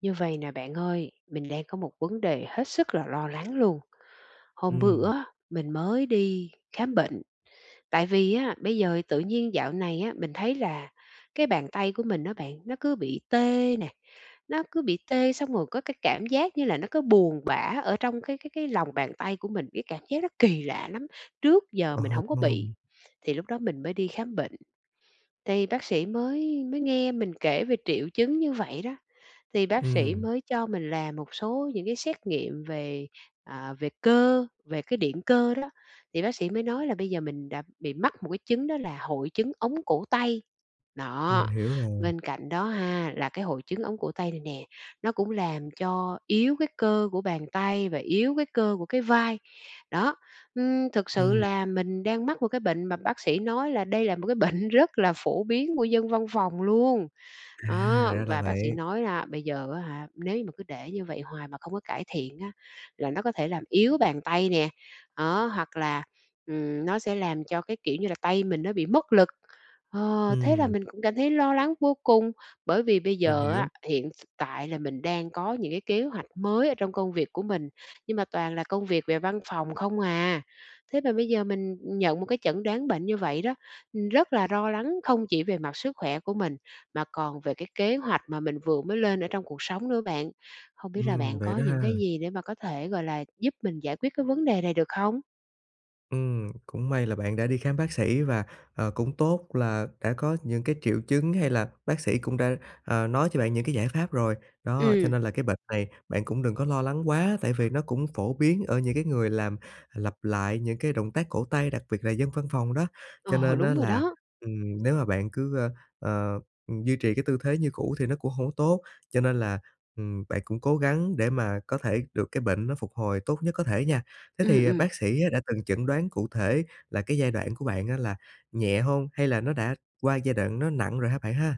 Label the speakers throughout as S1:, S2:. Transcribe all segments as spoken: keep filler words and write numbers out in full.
S1: Như vầy nè bạn ơi. Mình đang có một vấn đề hết sức là lo lắng luôn. Hôm
S2: Ừm.
S1: bữa á, mình mới đi khám bệnh, tại vì á, bây giờ tự nhiên dạo này á, mình thấy là cái bàn tay của mình á bạn nó cứ bị tê nè, nó cứ bị tê xong rồi có cái cảm giác như là nó cứ buồn bã ở trong cái cái cái lòng bàn tay của mình, cái cảm giác nó kỳ lạ lắm, trước giờ mình
S2: Ồ,
S1: hổng có
S2: ồ.
S1: bị. Thì lúc đó mình mới đi khám bệnh, thì bác sĩ mới mới nghe mình kể về triệu chứng như vậy đó, thì bác sĩ
S2: Ừm.
S1: mới cho mình làm một số những cái xét nghiệm về, à, về cơ, về cái điện cơ đó. Thì bác sĩ mới nói là bây giờ mình đã bị mắc một cái chứng đó là hội chứng ống cổ tay.
S2: Mình
S1: Đó,
S2: hiểu rồi.
S1: bên cạnh đó ha, là cái hội chứng ống cổ tay này nè, nó cũng làm cho yếu cái cơ của bàn tay và yếu cái cơ của cái vai. Đó, ưm, thực sự
S2: Ừm.
S1: là mình đang mắc một cái bệnh mà bác sĩ nói là đây là một cái bệnh rất là phổ biến của dân văn phòng luôn.
S2: À,
S1: Đó,
S2: ra là
S1: và bác sĩ
S2: vậy.
S1: nói là bây giờ á hả, nếu như mà cứ để như vậy hoài mà không có cải thiện á, là nó có thể làm yếu bàn tay nè. Đó, hoặc là, ừm, nó sẽ làm cho cái, kiểu như là, tay mình nó bị mất lực. Ờ, thế là
S2: Ừm.
S1: mình cũng cảm thấy lo lắng vô cùng, bởi vì bây
S2: Mình
S1: giờ
S2: hiểu.
S1: á, hiện s tại là mình đang có những cái kế hoạch mới ở trong công việc của mình, nhưng mà toàn là công việc về văn phòng không à. Thế mà bây giờ mình nhận một cái chẩn đoán bệnh như vậy đó, rất là lo lắng không chỉ về mặt sức khỏe của mình, mà còn về cái kế hoạch mà mình vừa mới lên ở trong cuộc sống nữa bạn. Hông biết là
S2: Ừm,
S1: bạn
S2: vậy
S1: có
S2: đó ha.
S1: những cái gì để mà có thể, gọi là, giúp mình giải quyết cái vấn đề này được không?
S2: Ừm, cũng may là bạn đã đi khám bác sĩ và, ờ, cũng tốt là đã có những cái triệu chứng hay là bác sĩ cũng đã, ờ, nói cho bạn những cái giải pháp rồi, đó, cho
S1: Ừm.
S2: nên là cái bệt này bạn cũng đừng có lo lắng quá tại vì nó cũng phổ biến ở những cái người làm lặp lại những cái động tác cổ tay, đặc biệt là dân văn phòng đó. Cho
S1: Ờ,
S2: nên á
S1: đúng rồi
S2: là,
S1: đó.
S2: ừm, nếu mà bạn cứ, ơ, ờ, ừm, duy trì cái tư thế như cũ thì nó cũng hổng tốt, cho nên là, ừm, bạn cũng cố gắng để mà có thể được cái bệnh nó phục hồi tốt nhất có thể nha. Thế
S1: Ừm,
S2: thì
S1: ừm.
S2: bác sĩ á đã từng chẩn đoán cụ thể là cái giai đoạn của bạn á là nhẹ hông hay là nó đã qua giai đoạn nó nặng rồi ha bạn ha?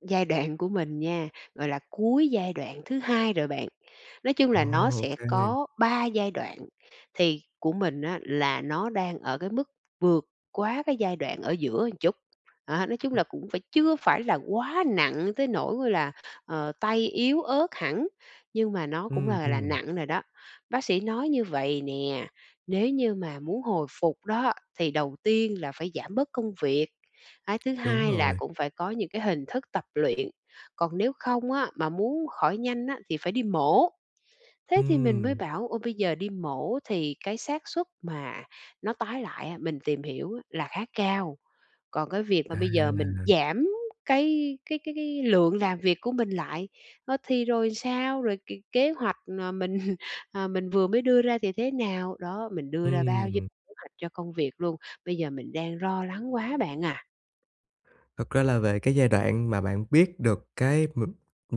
S1: Giai đoạn của mình nha, gọi là cuối giai đoạn thứ hai rồi bạn. Nói chung
S2: Ồ,
S1: là nó
S2: ô
S1: sẽ
S2: kê.
S1: có ba giai đoạn thì của mình á là nó đang ở cái mức vượt quá cái giai đoạn ở giữa chút, á, nói chung là
S2: Ừm.
S1: cũng phải chưa phải là quá nặng tới nỗi là, ờ, tay yếu ớt hẳn, nhưng mà nó cũng
S2: Ừm,
S1: là là
S2: ừm.
S1: nặng rồi đó. Bác sĩ nói như vầy nè, nếu như mà muốn hồi phục đó, thì đầu tiên là phải giảm bớt công việc, cái thứ
S2: Đúng
S1: hai là
S2: rồi.
S1: cũng phải có những cái hình thức tập luyện, còn nếu không á mà muốn khỏi nhanh á thì phải đi mổ. Thế thì mình mới
S2: Ừm.
S1: bảo "Ô, bây giờ đi mổ thì cái xác suất mà nó tái lại á, mình tìm hiểu là khá cao." Còn cái việc mà bây giờ mình
S2: À.
S1: giảm cái cái cái cái lượng làm việc của mình lại, a, thì rồi sao, rồi c kế hoạch, à, mình, à, mình vừa mới đưa ra thì thế nào, đó, mình đưa ra bao nhiêu
S2: Ừm.
S1: kế hoạch cho công việc luôn, bây giờ mình đang lo lắng quá bạn à.
S2: Thật ra là về cái giai đoạn mà bạn biết được cái mà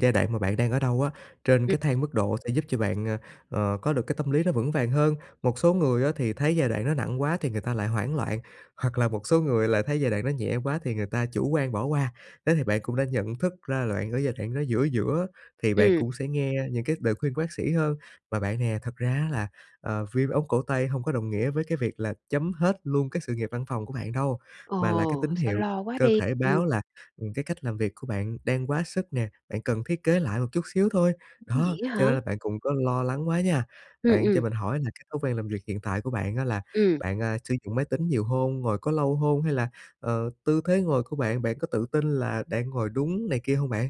S2: giai đoạn mà bạn đang ở đâu á, trên
S1: Ừm.
S2: cái thang mức độ sẽ giúp cho bạn, ơ, ờ, có được cái tâm lý nó vững vàng hơn. Một số người á thì thấy giai đoạn nó nặng quá thì người ta lại hoảng loạn, hoặc là một số người lại thấy giai đoạn đó nhẹ quá thì người ta chủ quan bỏ qua. Thế thì bạn cũng đã nhận thức ra là bạn ở giai đoạn nó giữa giữa, thì bạn
S1: Ừm.
S2: cũng sẽ nghe những cái lời khuyên của bác sĩ hơn. Và bạn nè, thật ra á là, à, viêm ống cổ tay không có đồng nghĩa với cái việc là chấm hết luôn cái sự nghiệp văn phòng của bạn đâu, mà là cái
S1: Ồ,
S2: tín
S1: sao
S2: hiệu
S1: lo quá
S2: cơ
S1: đi.
S2: thể
S1: Ừm.
S2: báo là, ừm, cái cách làm việc của bạn đang quá sức nè, bạn cần thiết kế lại một chút xíu thôi. Đó,
S1: Vậy á
S2: cho
S1: hả?
S2: nên là bạn cũng có lo lắng quá nha.
S1: Ừm,
S2: Bạn cho
S1: ừm.
S2: mình hỏi là cái thói quen làm việc hiện tại của bạn á, là
S1: Ừm.
S2: bạn, a, sử dụng máy tính nhiều hông, ngồi có lâu hông, hay là, ờ, tư thế ngồi của bạn, bạn có tự tin là đang ngồi đúng này kia hông bạn?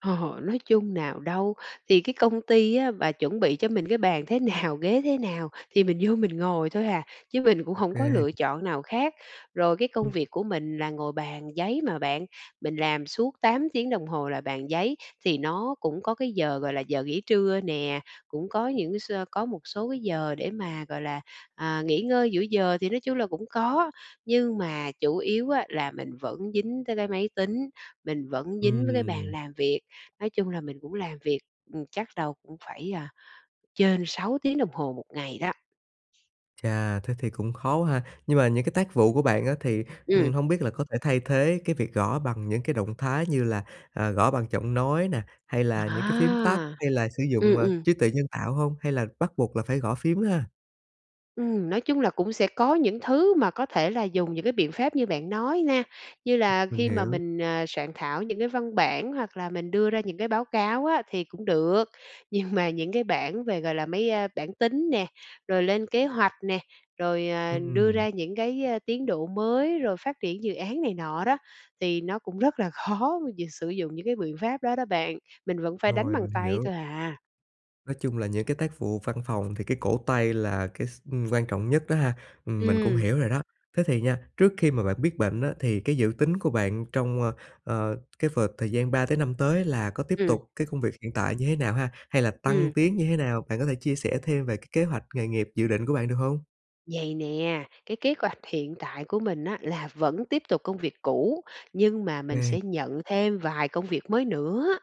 S1: Hò hò nói chung nào đâu, thì cái công ty á mà chuẩn bị cho mình cái bàn thế nào, ghế thế nào thì mình vô mình ngồi thôi à, chứ mình cũng
S2: Ô
S1: hổng có
S2: kê.
S1: lựa chọn nào khác. Rồi cái công
S2: Ừm.
S1: việc của mình là ngồi bàn giấy mà bạn, mình làm suốt tám tiếng đồng hồ là bàn giấy, thì nó cũng có cái giờ gọi là giờ nghỉ trưa nè. Cũng có những cái sơ có một số cái giờ để mà, gọi là, à, nghỉ ngơi giữa giờ thì nói chung là cũng có, nhưng mà chủ yếu á, là mình vẫn dính tới cái máy tính, mình vẫn dính với cái bàn
S2: Ừm.
S1: làm việc. Nói chung là mình cũng làm việc, ừm, chắc đâu cũng phải, a, trên sáu tiếng đồng hồ một ngày đó.
S2: Chà, thế thì cũng khó quá ha. Nhưng mà những cái tác vụ của bạn á thì, ừm,
S1: Ừm.
S2: hông biết là có thể thay thế cái việc gõ bằng những cái động thái như là, à, gõ bằng giọng nói nè, hay là những cái phím tắt,
S1: À!
S2: hay là sử dụng,
S1: Ừm,
S2: ờ,
S1: ừm.
S2: trí tuệ nhân tạo hông? Hay là bắt buộc là phải gõ phím ha?
S1: Ừm, nói chung là cũng sẽ có những thứ mà có thể là dùng những cái biện pháp như bạn nói na, như là
S2: Mình
S1: khi mà
S2: hiểu.
S1: mình, à, soạn thảo những cái văn bản, hoặc là mình đưa ra những cái báo cáo á thì cũng được. Nhưng mà những cái bảng về, gọi là, mấy, a, bảng tính nè, rồi lên kế hoạch nè, rồi, à, đưa
S2: Ừm.
S1: ra những cái, ờ, tiến độ mới, rồi phát triển dự án này nọ đó, thì nó cũng rất là khó vì sử dụng những cái biện pháp đó đó bạn, mình vẫn phải đánh
S2: Rồi,
S1: bằng
S2: mình
S1: tay
S2: hiểu.
S1: thôi à.
S2: Nói chung là những cái tác vụ văn phòng thì cái cổ tay là cái s ưm, quan trọng nhất đó ha. Ừm, mình cũng
S1: Ừm.
S2: hiểu rồi đó. Thế thì nha, trước khi mà bạn biết bệnh á thì cái dự tính của bạn trong, ờ, ờ, cái vợt thời gian ba tới năm tới là có tiếp
S1: Ừm.
S2: tục cái công việc hiện tại như thế nào ha? Hay là tăng
S1: Ừm.
S2: tiến như thế nào, bạn có thể chia sẻ thêm về cái kế hoạch nghề nghiệp dự định của bạn được hông?
S1: Vầy nè, cái kế hoạch hiện tại của mình á là vẫn tiếp tục công việc cũ, nhưng mà mình
S2: Ừm.
S1: sẽ nhận thêm vài công việc mới nữa,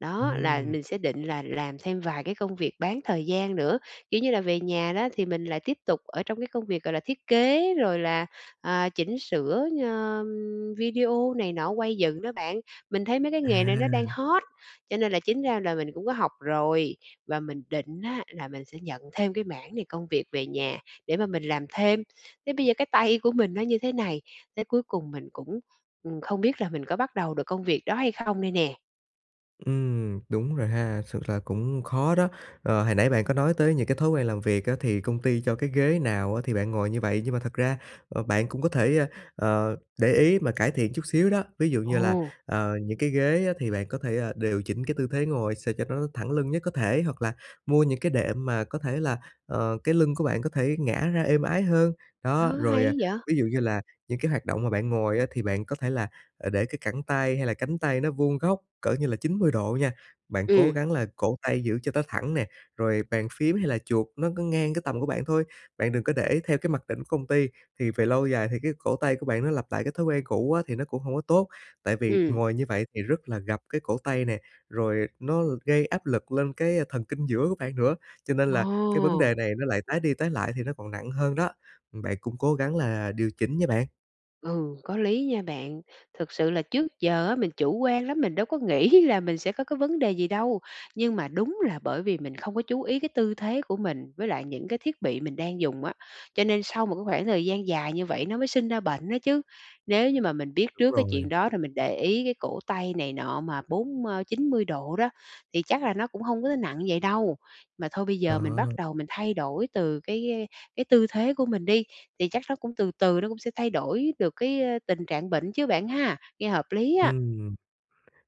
S1: đó là
S2: Ừm.
S1: mình sẽ định là làm thêm vài cái công việc bán thời gian nữa, kiểu như, là về nhà đó thì mình lại tiếp tục ở trong cái công việc, gọi là, thiết kế rồi là, à, chỉnh sửa, ờ, ừm, video này nọ quay dựng đó bạn. Mình thấy mấy cái nghề này nó đang
S2: À!
S1: hot, cho nên là chính ra là mình cũng có học rồi, và mình định á là mình sẽ nhận thêm cái mảng này công việc về nhà để mà mình làm thêm. Thế bây giờ cái tay của mình nó như thế này, thế cuối cùng mình cũng, ừm, không biết là mình có bắt đầu được công việc đó hay không đây nè.
S2: Ừm, đúng rồi ha, sự thật cũng khó đó. Ờ, hồi nãy bạn có nói tới những cái thói quen làm việc á, thì công ty cho cái ghế nào á thì bạn ngồi như vậy, nhưng mà thật ra bạn cũng có thể, ờ, để ý mà cải thiện chút xíu đó. Ví dụ như là,
S1: Ồ!
S2: ờ, những cái ghế á, thì bạn có thể, ờ, điều chỉnh cái tư thế ngồi sao cho nó thẳng lưng nhất có thể, hoặc là mua những cái đệm mà có thể là, ờ, cái lưng của bạn có thể ngả ra êm ái hơn. Đó,
S1: Ô,
S2: rồi, ờ,
S1: hay vậy?
S2: ví dụ như là những cái hoạt động mà bạn ngồi á thì bạn có thể là, ờ, để cái cẳng tay hay là cánh tay nó vuông góc cỡ như là chín mươi độ nha. Bạn cố
S1: Ừm.
S2: gắng là cổ tay giữ cho nó thẳng nè, rồi bàn phím hay là chuột nó cứ ngang cái tầm của bạn thôi, bạn đừng có để theo cái mặc định của công ty, thì về lâu dài thì cái cổ tay của bạn nó lặp lại cái thói quen cũ á thì nó cũng hông có tốt, tại vì
S1: Ừm.
S2: ngồi như vậy thì rất là gập cái cổ tay nè, rồi nó gây áp lực lên cái thần kinh giữa của bạn nữa. Cho nên là cái vấn đề
S1: Ồ!
S2: này nó lại tái đi tái lại thì nó còn nặng hơn đó. Bạn cũng cố gắng là điều chỉnh nha bạn!
S1: Ừ, có lý nha bạn. Thực sự là trước giờ á mình chủ quan lắm, mình đâu có nghĩ là mình sẽ có cái vấn đề gì đâu. Nhưng mà đúng là bởi vì mình không có chú ý cái tư thế của mình, với lại những cái thiết bị mình đang dùng á, cho nên sau một cái khoảng thời gian dài như vậy nó mới sinh ra bệnh đó chứ. Nếu như mà mình biết
S2: Đúng
S1: trước cái
S2: rồi.
S1: chuyện đó, rồi mình để ý cái cổ tay này nọ mà bốn ờ, chín mươi độ đó thì chắc là nó cũng hông có nặng vậy đâu. Mà thôi bây giờ mình bắt
S2: Đó.
S1: đầu mình thay đổi từ cái cái tư thế của mình đi, thì chắc nó cũng từ từ nó cũng sẽ thay đổi được cái, a, tình trạng bệnh chứ bạn ha, nghe hợp lý á.
S2: Ừm.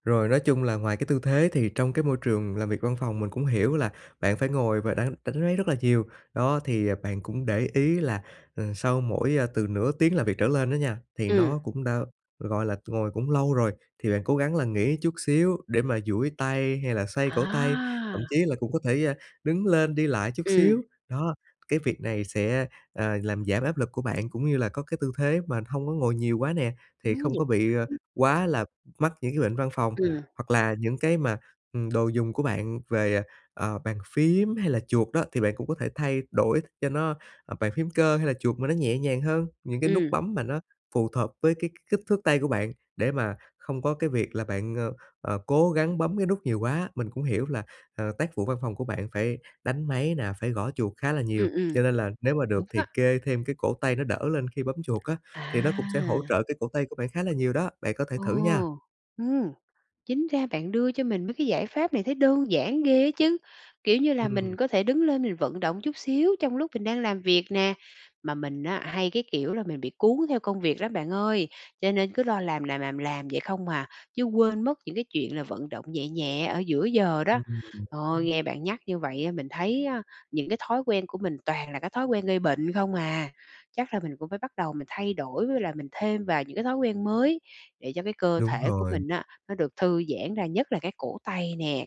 S2: Rồi, nói chung là ngoài cái tư thế thì trong cái môi trường làm việc văn phòng, mình cũng hiểu là bạn phải ngồi và đánh đánh máy rất là nhiều, đó thì, à, bạn cũng để ý là, ờ, sau mỗi, a, từ nửa tiếng làm việc trở lên đó nha thì
S1: Ừm.
S2: nó cũng đã, gọi là, ngồi cũng lâu rồi, thì bạn cố gắng là nghỉ chút xíu để mà duỗi tay hay là xoay cổ tay,
S1: À!
S2: thậm chí là cũng có thể, ờ, đứng lên đi lại chút
S1: Ừm.
S2: xíu. Đó, cái việc này sẽ, ờ, làm giảm áp lực của bạn, cũng như là có cái tư thế mà hông có ngồi nhiều quá nè, thì
S1: Ừm
S2: không có bị, ờ,
S1: [unintelligible]
S2: quá là mắc những cái bệnh văn phòng,
S1: Ừm.
S2: hoặc là những cái mà, ừm, đồ dùng của bạn về, ờ, ờ, bàn phím hay là chuột đó. Thì bạn cũng có thể thay đổi cho nó, ờ, bàn phím cơ hay là chuột mà nó nhẹ nhàng hơn, những cái nút
S1: Ừm.
S2: bấm mà nó phù thợp với cái k kích thước tay của bạn để mà không có cái việc là bạn, ờ, ờ, cố gắng bấm cái nút nhiều quá. Mình cũng hiểu là, ờ, tác vụ văn phòng của bạn phải đánh máy nè, phải gõ chuột khá là
S1: Ừm,
S2: nhiều,
S1: ừm.
S2: cho nên là nếu mà
S1: Đúng
S2: được
S1: á.
S2: thì kê thêm cái cổ tay nó đỡ lên khi bấm chuột á, thì nó
S1: À!
S2: cũng sẽ hỗ trợ cái cổ tay của bạn khá là nhiều đó. Bạn có thể
S1: Ồ!
S2: thử nha.
S1: Ừm, chính ra bạn đưa cho mình mấy cái giải pháp này thấy đơn giản ghê á chứ, kiểu như là, mình
S2: Ừm.
S1: có thể đứng lên mình vận động chút xíu trong lúc mình đang làm việc nè. Mà mình á, hay cái kiểu là mình bị cuốn theo công việc lắm bạn ơi, cho nên cứ lo làm, làm, làm, làm vậy không à, chứ quên mất những cái chuyện là vận động nhẹ nhẹ ở giữa giờ đó.
S2: Ừm, ừm.
S1: Ơi,
S2: Ưm.
S1: nghe bạn nhắc như vậy á mình thấy á những cái thói quen của mình toàn là cái thói quen gây bệnh không à. Chắc là mình cũng phải bắt đầu mình thay đổi, với lại mình thêm vào những cái thói quen mới để cho cái cơ
S2: Đúng
S1: thể của
S2: rồi.
S1: mình á, nó được thư giãn ra, nhất là cái cổ tay nè.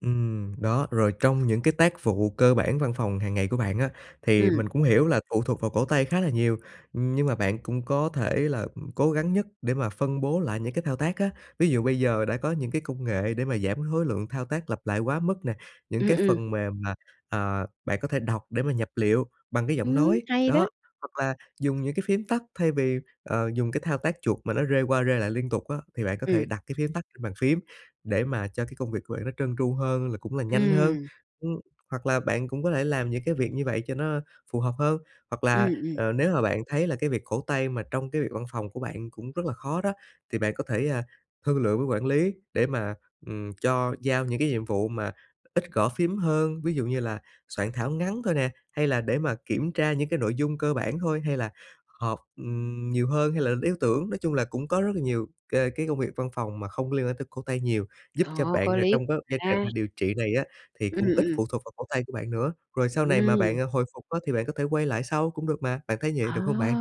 S2: Ừm, đó, rồi trong những cái tác vụ cơ bản văn phòng hàng ngày của bạn á, thì
S1: Ừm.
S2: mình cũng hiểu là phụ thuộc vào cổ tay khá là nhiều, ừm, nhưng mà bạn cũng có thể là, ừm cố gắng nhất để mà phân bố lại những cái thao tác á. Ví dụ bây giờ đã có những cái công nghệ để mà giảm khối lượng thao tác lặp lại quá mức nè, những
S1: Ừm,
S2: cái
S1: ừm.
S2: phần mềm mà, à, bạn có thể đọc để mà nhập liệu bằng cái giọng
S1: Ừm,
S2: nói,
S1: hay đó.
S2: đó, hoặc là dùng những cái phim tắt thay vì, ờ, dùng cái thao tác chuột mà nó rê qua rê lại liên tục á, thì bạn có thể
S1: Ừm.
S2: đặt cái phím tắt trên bàn phím để mà cho cái công việc của bạn nó trơn tru hơn, là cũng là nhanh hơn.
S1: Ừm.
S2: Ưm, hoặc là bạn cũng có thể làm những cái việc như vậy cho nó phù hợp hơn, hoặc là,
S1: Ừm, ừm.
S2: ờ, nếu mà bạn thấy là cái việc cổ tay mà trong cái việc văn phòng của bạn cũng rất là khó đó, thì bạn có thể, à, thương lượng với quản lý để mà, ừm, cho giao những cái nhiệm vụ mà ít gõ phím hơn, ví dụ như là soạn thảo ngắn thôi nè, hay là để mà kiểm tra những cái nội dung cơ bản thôi hay là họp, ừm, nhiều hơn hay [unintelligible] tưởng. Nói chung là, cũng có rất là nhiều, ờ, cái công việc văn phòng mà không liên quan tới cổ tay nhiều, giúp cho
S1: Ồ!
S2: bạn,
S1: Có
S2: ờ,
S1: lý
S2: trong cái giai đoạn
S1: [unintelligible]
S2: điều trị này á thì
S1: Ừm,
S2: cũng ít
S1: ừm.
S2: phụ thuộc vào cổ tay của bạn nữa. Rồi sau này mà
S1: Ừm!
S2: bạn, ờ, hồi phục á thì bạn có thể quay lại sau cũng được mà, bạn thấy vậy
S1: Ờ!
S2: được hông bạn?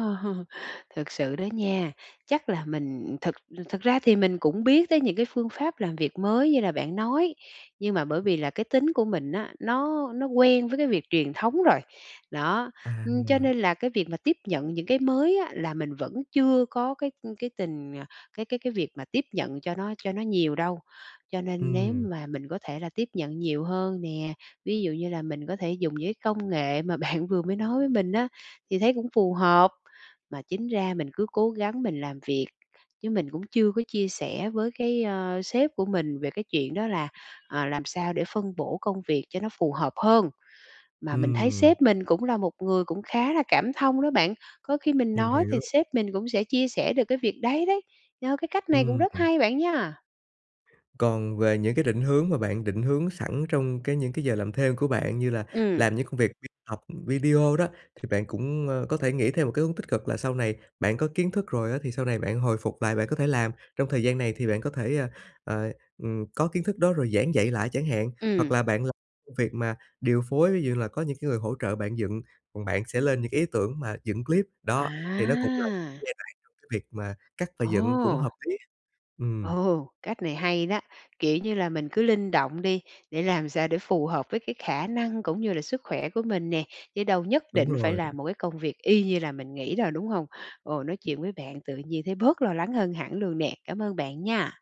S1: Thực sự đó nha, chắc là mình thực thực ra thì mình cũng biết tới những cái phương pháp làm việc mới như là bạn nói, nhưng mà bởi vì là cái tính của mình á, nó nó quen với cái việc truyền thống rồi. Đó, ưm, cho
S2: À.
S1: nên là cái việc mà tiếp nhận những cái mới á, là mình vẫn chưa có cái, ưm, cái tình à, cái cái cái việc mà tiếp nhận cho nó cho nó nhiều đâu. Cho nên nếu
S2: Ừm.
S1: mà mình có thể là tiếp nhận nhiều hơn nè, ví dụ như là mình có thể dùng những cái công nghệ mà bạn vừa mới nói với mình á thì thấy cũng phù hợp, mà chính ra mình cứ cố gắng mình làm việc chứ mình cũng chưa có chia sẻ với cái, ơ, sếp của mình về cái chuyện đó là, ờ, làm sao để phân bổ công việc cho nó phù hợp hơn. Mà mình thấy
S2: Ừm.
S1: sếp mình cũng là một người cũng khá là cảm thông đó bạn. Có khi mình
S2: Mình
S1: nói thì
S2: hiểu.
S1: sếp mình cũng sẽ chia sẻ được cái việc đấy đấy, ơ, cái cách này cũng
S2: Ừm.
S1: rất hay bạn nha.
S2: Còn về những cái định hướng mà bạn định hướng sẵn trong cái những cái giờ làm thêm của bạn, như là
S1: Ừm.
S2: làm những công việc học video đó, thì bạn cũng, ơ, có thể nghĩ thêm một cái hướng tích cực là sau này bạn có kiến thức rồi á, thì sau này bạn hồi phục lại bạn có thể làm. Trong thời gian này thì bạn có thể, ơ, ờ, ừm, có kiến thức đó rồi giảng dạy lại chẳng hạn, hoặc
S1: Ừm.
S2: là bạn làm công việc mà điều phối ví dụ như là có những cái người hỗ trợ bạn dựng, còn bạn sẽ lên những cái ý tưởng mà dựng clip, đó, thì nó cũng là
S1: À!
S2: giai đoạn việc mà cắt và dựng cũng
S1: Ồ!
S2: hợp lý. Ừm.
S1: Ồ, cách này hay đó, kiểu như là, mình cứ linh động đi, để làm sao để phù hợp với cái khả năng cũng như là sức khỏe của mình nè, chứ đâu nhất
S2: Đúng
S1: định phải
S2: rồi.
S1: làm một cái công việc y như là mình nghĩ đâu, đúng hông? Ồ, nói chuyện với bạn tự nhiên thấy bớt lo lắng hơn hẳn luôn nè, cảm ơn bạn nha.